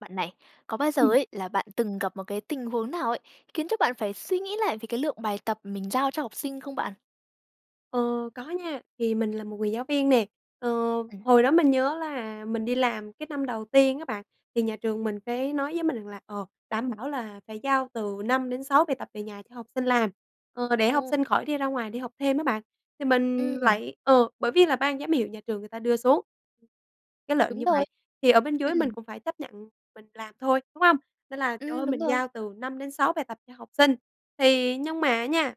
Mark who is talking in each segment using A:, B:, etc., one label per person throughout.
A: Bạn này, có bao giờ
B: Ừm.
A: ấy, là bạn từng gặp một cái tình huống nào ấy, khiến cho bạn phải suy nghĩ lại về cái lượng bài tập mình giao cho học sinh không bạn?
B: Ờ, có nha. Thì mình là một người giáo viên nè. Ờ,
A: Ừm.
B: hồi đó mình nhớ là mình đi làm cái năm đầu tiên á bạn, thì nhà trường mình cái nói với mình rằng là, ờ, "Đảm bảo là phải giao từ 5-6 bài tập về nhà cho học sinh làm," ờ, "để học
A: Ồ.
B: sinh khỏi đi ra ngoài đi học thêm" á bạn. Thì mình
A: Ừm.
B: lại ờ, bởi vì là ban giám hiệu nhà trường người ta đưa xuống cái lệnh
A: Đúng
B: như
A: rồi.
B: vậy. Thì ở bên dưới mình
A: Ừm.
B: cũng phải chấp nhận mình làm thôi, đúng hông? Nên là trời
A: Ừm,
B: ơi,
A: đúng
B: mình
A: rồi.
B: giao từ 5-6 bài tập cho học sinh, thì nhưng mà nha,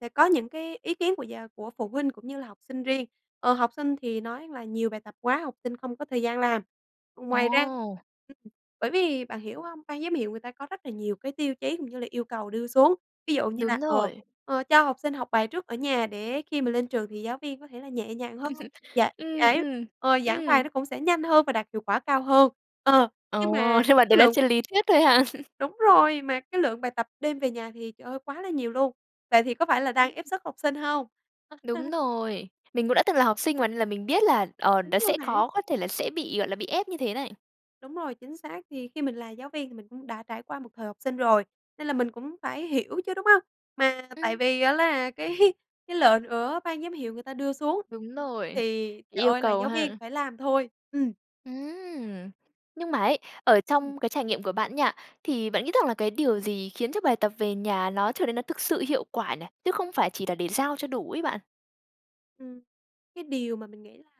B: sẽ có những cái ý kiến của gia của phụ huynh, cũng như là học sinh riêng. Ờ, học sinh thì nói là nhiều bài tập quá, học sinh không có thời gian làm. Ừ, ngoài ra
A: Ồ.
B: ừm, bởi vì bạn hiểu hông? Ban giám hiệu người ta có rất là nhiều cái tiêu chí cũng như là yêu cầu đưa xuống, ví dụ như là,
A: Đúng
B: ờ,
A: rồi.
B: ờ, cho học sinh học bài trước ở nhà để khi mà lên trường thì giáo viên có thể là nhẹ nhàng hơn, dạ
A: Ừm,
B: giải
A: ừm.
B: ờ, giảng bài
A: Ừm.
B: nó cũng sẽ nhanh hơn và đạt hiệu quả cao hơn. Ờ, nhưng mà
A: Ồ, nhưng mà
B: cái
A: đấy là
B: lượng
A: trên lý thuyết thôi hả?
B: Đúng rồi, mà cái lượng bài tập đem về nhà thì trời ơi, quá là nhiều luôn. Vậy thì có phải là đang
A: Ừm.
B: ép sức học sinh hông?
A: Đúng rồi, mình cũng đã từng là học sinh mà, nên là mình biết là, ờ,
B: Đúng
A: nó
B: rồi
A: sẽ
B: bạn.
A: khó có thể là sẽ bị, gọi là, bị ép như thế này.
B: Đúng rồi, chính xác. Thì khi mình là giáo viên thì mình cũng đã trải qua một thời học sinh rồi, nên là mình cũng phải hiểu chứ, đúng hông? Mà tại
A: Ừm.
B: vì á là cái cái lệnh ở ban giám hiệu người ta đưa xuống,
A: Đúng
B: ừ,
A: rồi.
B: thì trời
A: Yêu
B: ơi là
A: cầu
B: giáo viên
A: ha.
B: phải làm thôi. Ừm.
A: Ừm. Nhưng mà ấy, ở
B: Ừm.
A: trong cái trải nghiệm của bạn nha, thì bạn nghĩ rằng là cái điều gì khiến cho bài tập về nhà nó trở nên nó thực sự hiệu quả nè, chứ không phải chỉ là để giao cho đủ ấy bạn?
B: Ừm. Cái điều mà mình nghĩ là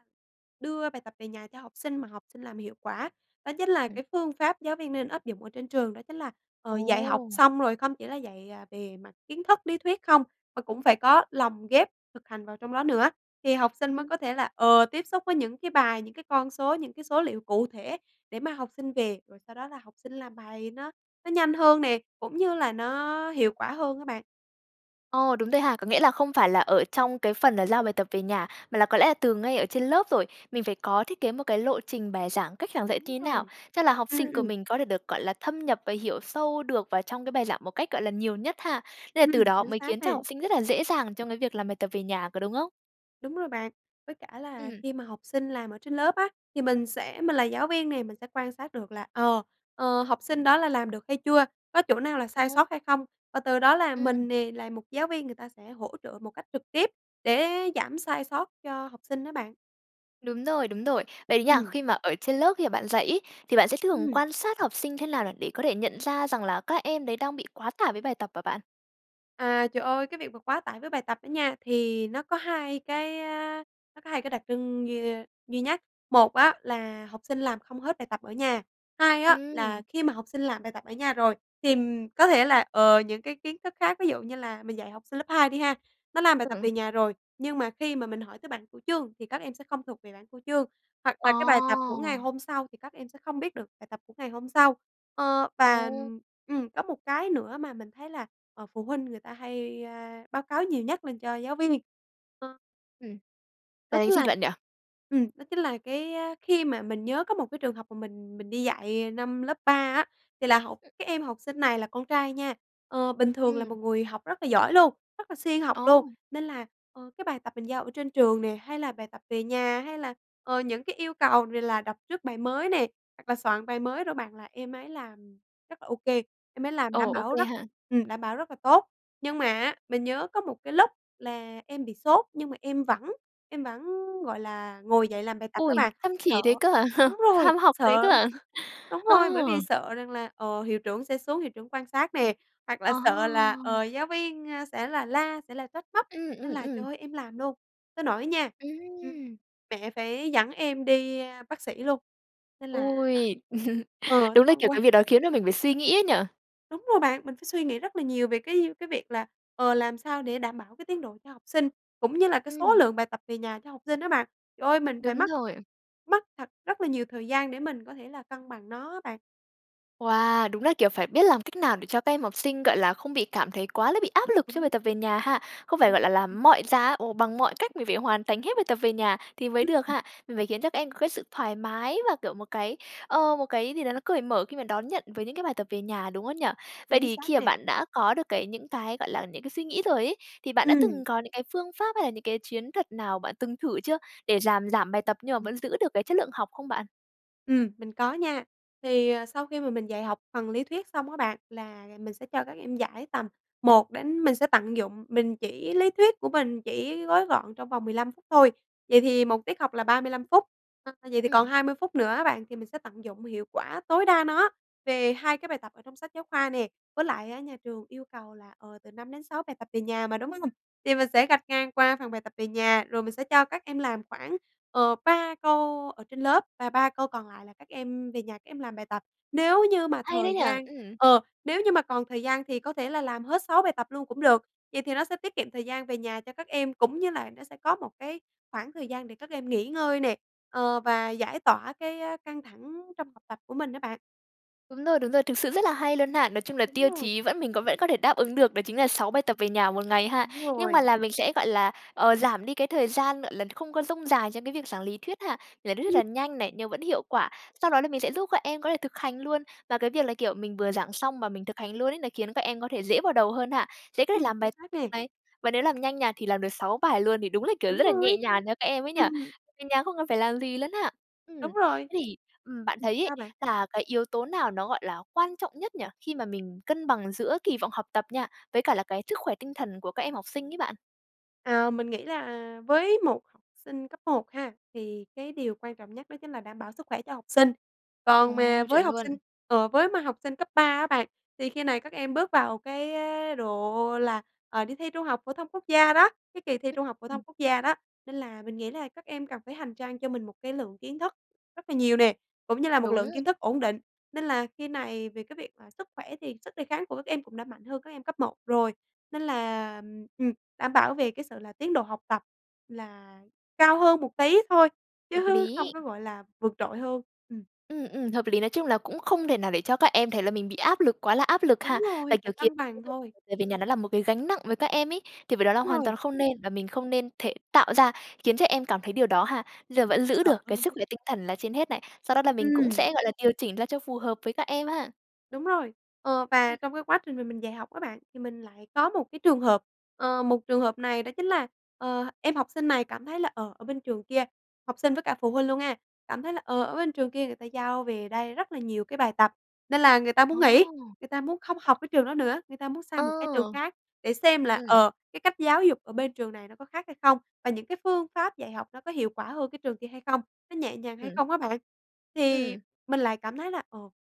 B: đưa bài tập về nhà cho học sinh mà học sinh làm hiệu quả, đó chính là
A: Ừm.
B: cái phương pháp giáo viên nên áp dụng ở trên trường, đó chính là, ờ, dạy học
A: Ồ.
B: xong, rồi không chỉ là dạy, à, về mặt kiến thức, lý thuyết không, mà cũng phải có lồng ghép thực hành vào trong đó nữa. Thì học sinh mới
A: Ừm.
B: có thể là, ờ, tiếp xúc với những cái bài, những cái con số, những cái số liệu cụ thể, để mà học sinh về, rồi sau đó là học sinh làm bài nó nó nhanh hơn nè, cũng như là nó hiệu quả hơn á bạn.
A: Ồ, đúng rồi ha. Có nghĩa là không phải là ở trong cái phần là giao bài tập về nhà, mà là có lẽ là từ ngay ở trên lớp rồi. Mình phải có thiết kế một cái lộ trình bài giảng, cách giảng dạy
B: Đúng
A: thế nào
B: rồi.
A: cho là học
B: Ừm,
A: sinh của
B: ừm.
A: mình có thể được, gọi là, thâm nhập và hiểu sâu được vào trong cái bài giảng một cách, gọi là, nhiều nhất ha. Nên là từ
B: Ừm,
A: đó
B: chính
A: mới
B: xác
A: khiến cho
B: nè.
A: học sinh rất là dễ dàng trong cái việc làm bài tập về nhà, có đúng không?
B: Đúng rồi bạn. Với cả là
A: Ừm.
B: khi mà học sinh làm ở trên lớp á, thì mình sẽ mình là giáo viên nè, mình sẽ quan sát được là, ờ, ờ, học sinh đó là làm được hay chưa, có chỗ nào là sai
A: Ồ.
B: sót hay không? Và từ đó là
A: Ừm.
B: mình nè, là một giáo viên, người ta sẽ hỗ trợ một cách trực tiếp, để giảm sai sót cho học sinh đó bạn.
A: Đúng rồi, đúng rồi. Vậy thì nha,
B: Ừm.
A: khi mà ở trên lớp, khi mà bạn dạy ấy, thì bạn sẽ thường
B: Ừm.
A: quan sát học sinh thế nào là để có thể nhận ra rằng là các em đấy đang bị quá tải với bài tập hả bạn?
B: À, trời ơi! Cái việc mà quá tải với bài tập đó nha, thì nó có hai cái ơ, nó có hai cái đặc trưng duy ơ, duy nhất. Một á, là học sinh làm không hết bài tập ở nhà, hai á, là
A: Ừm.
B: khi mà học sinh làm bài tập ở nhà rồi, tìm có thể là, ờ, những cái kiến thức khác. Ví dụ như là mình dạy học sinh lớp hai đi ha, nó làm bài tập
A: Ừ.
B: về nhà rồi, nhưng mà khi mà mình hỏi tới bảng cửu chương thì các em sẽ không thuộc về bảng cửu chương. Hoặc là cái bài tập của ngày
A: Ồ!
B: hôm sau thì các em sẽ không biết được bài tập của ngày hôm sau, ờ, và
A: Ồ!
B: ừm, có một cái nữa mà mình thấy là, ờ, phụ huynh người ta hay, ơ, báo cáo nhiều nhất lên cho giáo viên [unintelligible]
A: Ừm.
B: Đó
A: Là cái
B: chính
A: gì
B: là
A: bạn nhỉ?
B: ừm, đó chính là cái khi mà mình nhớ có một cái trường hợp mà mình mình đi dạy năm lớp 3 á. Thì là học
A: Ừm.
B: cái em học sinh này là con trai nha, ờ, bình thường là
A: Ừm.
B: một người học rất là giỏi luôn, rất là siêng học luôn.
A: Ồ.
B: Nên là, ờ, cái bài tập mình giao ở trên trường nè, hay là bài tập về nhà, hay là, ờ, những cái yêu cầu về là đọc trước bài mới nè, hoặc là soạn bài mới rồi bạn, là em ấy làm rất là ô kê. Em ấy làm
A: Ồ,
B: đảm
A: OK
B: bảo rất
A: ha.
B: ừm, đảm bảo rất là tốt. Nhưng mà á, mình nhớ có một cái lúc là em bị sốt nhưng mà em vẫn em vẫn, gọi là, ngồi dậy làm bài tập đó
A: Ôi,
B: bạn.
A: chăm
B: Sợ
A: chỉ thế cơ à,
B: đúng rồi,
A: chăm học thế
B: sợ
A: cơ ạ?
B: đúng rồi, bởi vì
A: Ờ.
B: sợ rằng là, ờ, hiệu trưởng sẽ xuống, hiệu trưởng quan sát nè, hoặc là
A: Ờ.
B: sợ là, ờ, giáo viên sẽ là la, sẽ là trách móc.
A: Ừm,
B: Nên
A: ừm,
B: là trời
A: ừm.
B: ơi, em làm luôn, tới nỗi nha, ừm,
A: Ừm.
B: mẹ phải dẫn em đi bác sĩ luôn, nên là,
A: Ôi,
B: ờ,
A: đúng là kiểu
B: thông
A: cái
B: qua
A: việc đó khiến cho mình phải suy nghĩ ấy nhỉ.
B: Đúng rồi bạn, mình phải suy nghĩ rất là nhiều về cái, ơ, cái việc là, ờ, làm sao để đảm bảo cái tiến độ cho học sinh, cũng như là cái số
A: Ừm.
B: lượng bài tập về nhà cho học sinh đó bạn. Trời ơi, mình phải
A: Đúng
B: mất
A: rồi.
B: mất thật rất là nhiều thời gian để mình có thể là cân bằng nó á bạn.
A: Wow, đúng là, kiểu, phải biết làm cách nào để cho các em học sinh, gọi là, không bị cảm thấy quá là bị áp lực cho
B: Đúng.
A: bài tập về nhà ha. Không phải, gọi là,
B: [unintelligible]
A: làm mọi giá, ồ, bằng mọi cách mình phải hoàn thành hết bài tập về nhà thì mới
B: Ừm,
A: được
B: ừm.
A: ha. Mình phải khiến cho các em có cái sự thoải mái và, kiểu, một cái, ờ, một cái gì đó nó cởi mở khi mà đón nhận với những cái bài tập về nhà, đúng không nhỉ? Vậy
B: Chính
A: thì
B: xác
A: khi mà
B: nè.
A: bạn đã có được cái những cái, gọi là, những cái suy nghĩ rồi ấy, thì bạn đã
B: Ừm.
A: từng có những cái phương pháp hay là những cái chiến thuật nào bạn từng thử chưa để giảm giảm bài tập nhưng mà
B: [unintelligible]
A: vẫn giữ được cái chất lượng học không bạn?
B: Ừm, mình có nha. Thì, ờ, sau khi mà mình dạy học phần lý thuyết xong á bạn, là mình sẽ cho các em giải tầm 1 đến mình sẽ tận dụng mình chỉ lý thuyết của mình chỉ gói gọn trong vòng 15 phút thôi. Vậy thì 1 tiết học là 35 phút. [unintelligible] vậy thì còn
A: Ừm.
B: 20 phút nữa á bạn, thì mình sẽ tận dụng hiệu quả tối đa nó về 2 cái bài tập ở trong sách giáo khoa nè. Với lại á, nhà trường yêu cầu là, ờ, từ 5 đến 6 bài tập về nhà mà, đúng hông? Thì mình sẽ gạch ngang qua phần bài tập về nhà, rồi mình sẽ cho các em làm khoảng, ờ, 3 câu ở trên lớp và 3 câu còn lại là các em về nhà các em làm bài tập. Nếu như
A: Cũng
B: mà
A: hay đấy
B: thời
A: nhỉ.
B: gian
A: Ừm.
B: ờ, nếu như mà còn thời gian thì có thể là làm hết 6 bài tập luôn cũng được. Vậy thì nó sẽ tiết kiệm thời gian về nhà cho các em, cũng như là nó sẽ có một cái khoảng thời gian để các em nghỉ ngơi nè, ờ, và giải tỏa cái, ơ, căng thẳng trong học tập của mình á bạn.
A: Đúng rồi, đúng rồi, thực sự rất là hay luôn ha. Nói chung là
B: Đúng
A: tiêu
B: rồi.
A: chí vẫn mình vẫn có thể đáp ứng được đó chính là 6 bài tập về nhà 1 ngày ha.
B: Đúng
A: Nhưng mà
B: rồi.
A: là mình sẽ, gọi là, ờ, giảm đi cái thời gian, gọi là, không có dông dài trong cái việc giảng lý thuyết ha, giảng lý thuyết
B: Ừm.
A: là nhanh này, nhưng vẫn hiệu quả. Sau đó là mình sẽ giúp các em có thể thực hành luôn. Và cái việc là, kiểu, mình vừa giảng xong và mình thực hành luôn ấy, nó khiến các em có thể dễ vào đầu hơn ha, dễ có thể
B: Ừm,
A: làm
B: chính
A: bài
B: xác
A: tập
B: nè.
A: này. Và nếu làm nhanh nha, thì làm được 6 bài luôn thì đúng là, kiểu,
B: Đúng
A: rất là
B: rồi.
A: nhẹ nhàng cho các em ấy nhỉ,
B: Ừm.
A: về nhà không có phải làm gì lắm á. Ừm.
B: Đúng rồi.
A: Thế thì bạn, ừm,
B: Ừm
A: thấy ấy,
B: sao bạn?
A: là cái yếu tố nào nó, gọi là, quan trọng nhất nhỉ khi mà mình cân bằng giữa kỳ vọng học tập nha, với cả là cái sức khỏe tinh thần của các em học sinh ấy bạn?
B: Ờ, mình nghĩ là với một học sinh cấp 1 ha, thì cái điều quan trọng nhất đó chính là đảm bảo sức khỏe cho học sinh.
A: Ồ,
B: Còn mà với
A: chuẩn
B: học sinh
A: luôn.
B: ờ, với mà học sinh cấp 3 á bạn, thì khi này các em bước vào cái, ơ, độ là, ờ, đi thi Trung học phổ thông Quốc gia đó, cái kỳ thi
A: Ư,
B: Trung học phổ thông
A: ừm.
B: Quốc gia đó. Nên là mình nghĩ là các em cần phải hành trang cho mình một cái lượng kiến thức rất là nhiều nè, cũng như là một lượng
A: Đúng.
B: kiến thức ổn định. Nên là khi này về cái việc là sức khỏe thì sức đề kháng của các em cũng đã mạnh hơn các em cấp 1 rồi, nên
A: Ừm.
B: là, ừm, đảm bảo về cái sự là tiến độ học tập là cao hơn một tí thôi chứ
A: Hợp
B: không
A: lý.
B: có, gọi là, vượt trội hơn. Ừm.
A: Ừm, ừm, hợp lý. Nói chung là cũng không thể nào để cho các em thấy là mình bị áp lực quá là áp lực ha.
B: Đúng rồi,
A: Và,
B: phải
A: kiểu, khiến
B: cân
A: cho
B: bằng
A: cái việc làm
B: thôi.
A: bài tập về nhà nó là một cái gánh nặng với các em ấy, thì với đó là
B: Đúng
A: hoàn
B: rồi.
A: toàn không nên và mình không nên thể tạo ra, khiến cho các em cảm thấy điều đó ha. Giờ vẫn giữ
B: Sợ
A: được cái
B: luôn
A: sức
B: á.
A: khỏe tinh thần là trên hết này, sau đó là mình cũng
B: Ừm.
A: sẽ, gọi là, điều chỉnh ra cho phù hợp với các em ha.
B: Đúng rồi, ờ, và
A: Ừm.
B: trong cái quá trình mà mình mình dạy học á bạn, thì mình lại có một cái trường hợp, ờ, một trường hợp này đó chính là, ờ, em học sinh này cảm thấy là, ờ, ở bên trường kia, học sinh với cả phụ huynh luôn ha, cảm thấy là, ờ, ở bên trường kia người ta giao về đây rất là nhiều cái bài tập, nên là người ta muốn
A: Ồ.
B: nghỉ, người ta muốn không học
A: [unintelligible]
B: cái trường đó nữa. Người ta muốn sang
A: Ờ.
B: một cái trường khác để xem là,
A: Ừm.
B: ờ, cái cách giáo dục ở bên trường này nó có khác hay không, và những cái phương pháp dạy học nó có hiệu quả hơn cái trường kia hay không, nó nhẹ nhàng hay
A: Ừm.
B: không á bạn. Thì
A: Ừm.
B: mình lại cảm thấy là, ồ,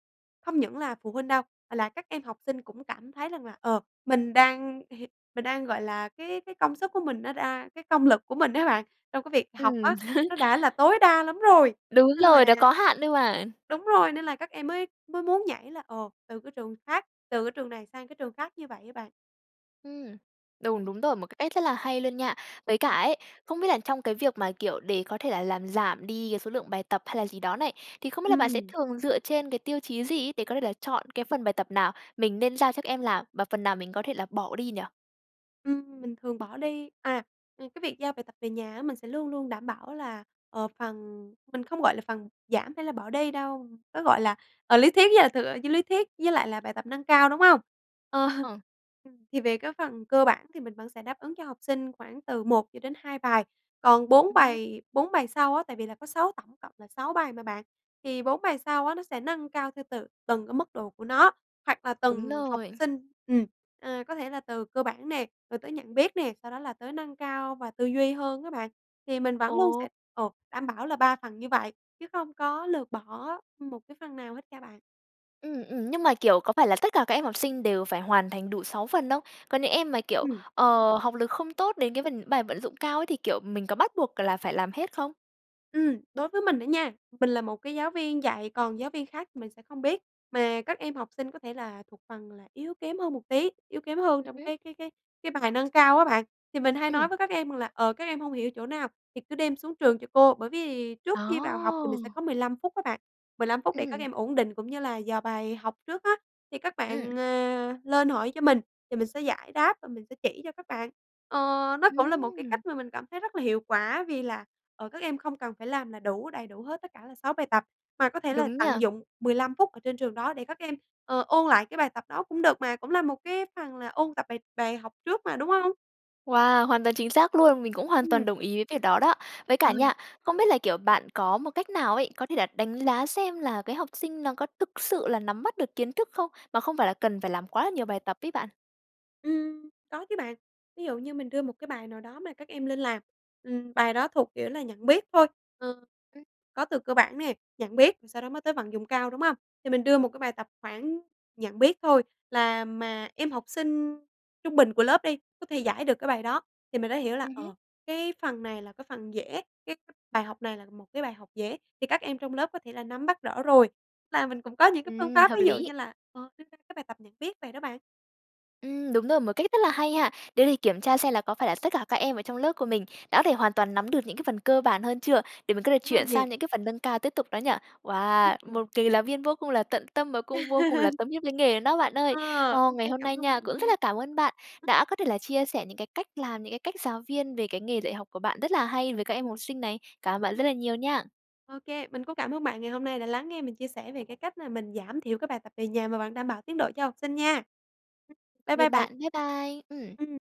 B: không những là phụ huynh đâu, mà là các em học sinh cũng cảm thấy rằng là, ờ, mình đang h mình đang, gọi là, cái cái công sức của mình nó đa cái công lực của mình á bạn, trong cái việc học
A: Ừm.
B: á, nó đã là tối đa lắm rồi.
A: Đúng
B: Nên
A: rồi, đâu
B: là
A: có hạn đâu mà.
B: đúng rồi, nên là các em mới mới muốn nhảy là, ồ, từ cái trường khác từ cái trường này sang cái trường khác như vậy á bạn.
A: Ừm. Đùng,
B: Ừm.
A: đúng rồi, một cách rất là hay luôn, nha. Với cả
B: Ờ.
A: ấy, không biết là trong cái việc mà, kiểu, để có thể là làm giảm đi cái số lượng bài tập hay là gì đó này, thì không biết là bạn sẽ
B: Ừm.
A: thường dựa trên cái tiêu chí gì ấy, để có thể là chọn cái phần bài tập nào mình nên giao cho em làm, và phần nào mình có thể là bỏ đi nhỉ?
B: Ừm, mình thường bỏ đi, à ừm, cái việc giao bài tập về nhà á, mình sẽ luôn luôn đảm bảo là, ờ, phần mình không, gọi là, phần giảm hay là bỏ đi đâu, nó, gọi là, ờ, lý thuyết với là thực với lý thuyết với lại là bài tập nâng cao, đúng hông? Ờ,
A: Ờ.
B: ừm, thì về cái phần cơ bản thì mình vẫn sẽ đáp ứng cho học sinh khoảng từ 1 cho đến 2 bài. Còn 4
A: Ừm.
B: bài 4 bài sau á, tại vì là có 6 tổng cộng là 6 bài mà bạn, thì 4 bài sau á, nó sẽ nâng cao theo từ từng cái mức độ của nó, hoặc là
A: Đúng
B: từng học
A: rồi.
B: sinh, ừm, ờ, có thể là từ cơ bản nè, rồi tới nhận biết nè, sau đó là tới nâng cao và tư duy hơn á bạn. Thì mình vẫn luôn
A: Ồ.
B: sẽ, ờ, đảm bảo là 3 phần như vậy, chứ không có lược bỏ một cái phần nào hết nha bạn.
A: Ừm, ừm. Nhưng mà, kiểu, có phải là tất cả các em học sinh đều phải hoàn thành đủ 6 phần không? Có những em mà, kiểu,
B: Ừm.
A: ờ, học lực không tốt đến cái phần bài vận dụng cao ấy, thì, kiểu, mình có bắt buộc là phải làm hết không?
B: Ừm, đối với mình á nha, mình là một cái giáo viên dạy, còn giáo viên khác thì mình sẽ không biết. Mà các em học sinh có thể là thuộc phần là yếu kém hơn một tí, yếu kém hơn
A: Ừm
B: trong
A: hứm.
B: cái cái cái cái bài nâng cao á bạn, thì mình hay nói
A: Ừm.
B: với các em là, ờ, các em hông hiểu chỗ nào thì cứ đem xuống trường cho cô. Bởi vì trước khi vào học thì mình sẽ
A: Ờ.
B: có 15 phút á bạn, 15 phút để các
A: Ừm.
B: em ổn định cũng như là dò bài học trước á, thì các
A: Ừm.
B: bạn, à, lên hỏi cho mình thì mình sẽ giải đáp và mình sẽ chỉ cho các bạn. Ờ, nó cũng là một cái
A: Ừm.
B: cách mà mình cảm thấy rất là hiệu quả vì là, ờ, các em không cần phải làm là đủ đầy đủ hết tất cả là 6 bài tập mà có thể là
A: Đúng nhỉ?
B: tận dụng 15 phút ở trên trường đó để các em, ờ, ôn lại cái bài tập đó cũng được mà. Cũng là một cái phần là ôn tập bài bài học trước mà, đúng hông?
A: Wow, hoàn toàn chính xác luôn. Mình cũng hoàn toàn
B: Ừm.
A: đồng ý với việc đó đó. Với
B: Ờ.
A: cả nha, không biết là, kiểu, bạn có một cách nào ấy, có thể là đánh giá xem là cái học sinh nó có thực sự là nắm bắt được kiến thức không? Mà không phải là cần phải làm quá là nhiều bài tập ấy bạn.
B: Ừm, có chứ bạn, ví dụ như mình đưa một cái bài nào đó mà các em lên làm, ừm, bài đó thuộc kiểu là nhận biết thôi, ờ,
A: Ừm.
B: có từ cơ bản này, nhận biết, rồi sau đó mới tới vận dụng cao, đúng hông? Thì mình đưa một cái bài tập khoảng nhận biết thôi là mà em học sinh trung bình của lớp đi, có thể giải được cái bài đó. Thì mình đã hiểu là,
A: Ừm hứm.
B: ờ, cái phần này là cái phần dễ, cái bài học này là một cái bài học dễ thì các em trong lớp có thể là nắm bắt rõ rồi. Tức là mình cũng có những cái phương
A: Ừm,
B: pháp
A: hợp
B: ví dụ
A: lý.
B: như là, ờ, cái cái bài tập nhận biết vậy đó bạn.
A: Ừm, đúng rồi, một cách rất là hay ha. Đế để kiểm tra xem là có phải là tất cả các em ở trong lớp của mình đã có thể hoàn toàn nắm được những cái phần cơ bản hơn chưa? Để mình có thể
B: Đúng rồi
A: chuyển
B: nè.
A: sang những cái phần nâng cao tiếp tục đó nhỉ? Wow!
B: Ừm.
A: Một người giáo viên vô cùng là tận tâm và cũng vô cùng là tâm huyết với nghề luôn đó bạn ơi.
B: Ờ,
A: Ô,
B: ô
A: ngày
B: kê
A: hôm
B: cảm
A: nay
B: ơn bạn
A: nha, cũng
B: nha.
A: rất là cảm ơn bạn
B: Ừm.
A: đã có thể là chia sẻ những cái cách làm, những cái cách giáo viên về cái nghề dạy học của bạn rất là hay về các em học sinh này. Cảm ơn bạn
B: Ừm.
A: rất là nhiều nha.
B: Ô kê, mình cũng cảm ơn bạn ngày hôm nay đã lắng nghe mình chia sẻ về cái cách là mình giảm thiểu cái bài tập về nhà mà vẫn đảm bảo tiến độ cho học sinh, nha. Ừm. Bái
A: Tạm biệt
B: bai bạn.
A: bạn. Bái bai. Ừm.
B: Ừm.